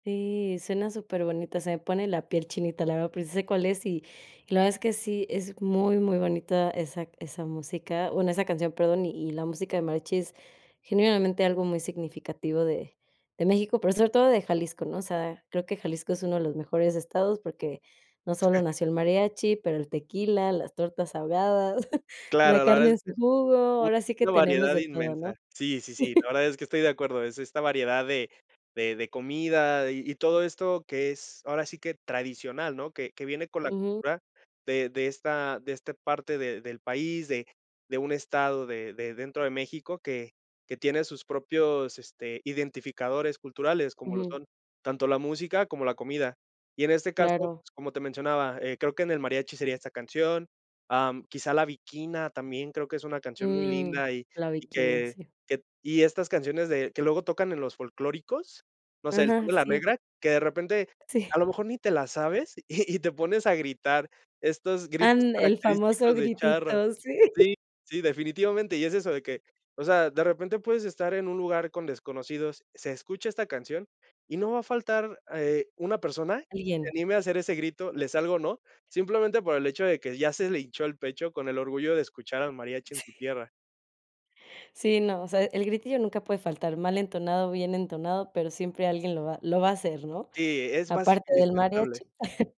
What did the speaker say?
Sí, suena superbonita, se me pone la piel chinita, la verdad, pero, sí se cuál es, y la verdad es que sí, es muy, muy bonita esa esa música, bueno, esa canción, perdón. Y la música de mariachis, genuinamente, algo muy significativo de de México, pero sobre todo de Jalisco, ¿no? O sea, creo que Jalisco es uno de los mejores estados, porque no solo nació el mariachi, pero el tequila, las tortas ahogadas, la Claro, la verdad carne es en su que jugo, ahora sí que una tenemos variedad de todo, inmensa. ¿no? Sí, sí, sí, no, la verdad es que estoy de acuerdo. Es es esta variedad de de de comida, y y todo esto que es ahora sí que tradicional, ¿no? Que que viene con la Ujú. cultura de de esta de este parte de del país, de de un estado de de dentro de México que que tiene sus propios, este, identificadores culturales, como lo Ujú. son, tanto la música, como la comida. Y en este caso, Claro. pues, como te mencionaba, eh, creo que en el mariachi, sería esta canción. Am, quizá La Bikina también, creo que es una canción muy Mm, linda, y La y Bikina, que sí. que y estas canciones, de que luego tocan en los folclóricos, no sé, El Son Ajá, de la sí. Negra, que de repente, Sí. a lo mejor ni te la sabes, y y te pones a gritar. Estos gritos, Ánde el famoso característicos de charro. gritito, sí. Sí, sí, definitivamente, y es eso, de que, o sea, de repente puedes estar en un lugar con desconocidos, se escucha esta canción, y no va a faltar a eh, una persona que se Alguien. anime a hacer ese grito, le salga o no. Simplemente por el hecho de que ya se le hinchó el pecho, con el orgullo de escuchar al mariachi en su Sí. tierra. Sí, no, o sea, el gritillo nunca puede faltar. Mal entonado, bien entonado, pero siempre alguien lo va lo va a hacer, ¿no? Sí, es básico, Aparte del indispensable. mariachi.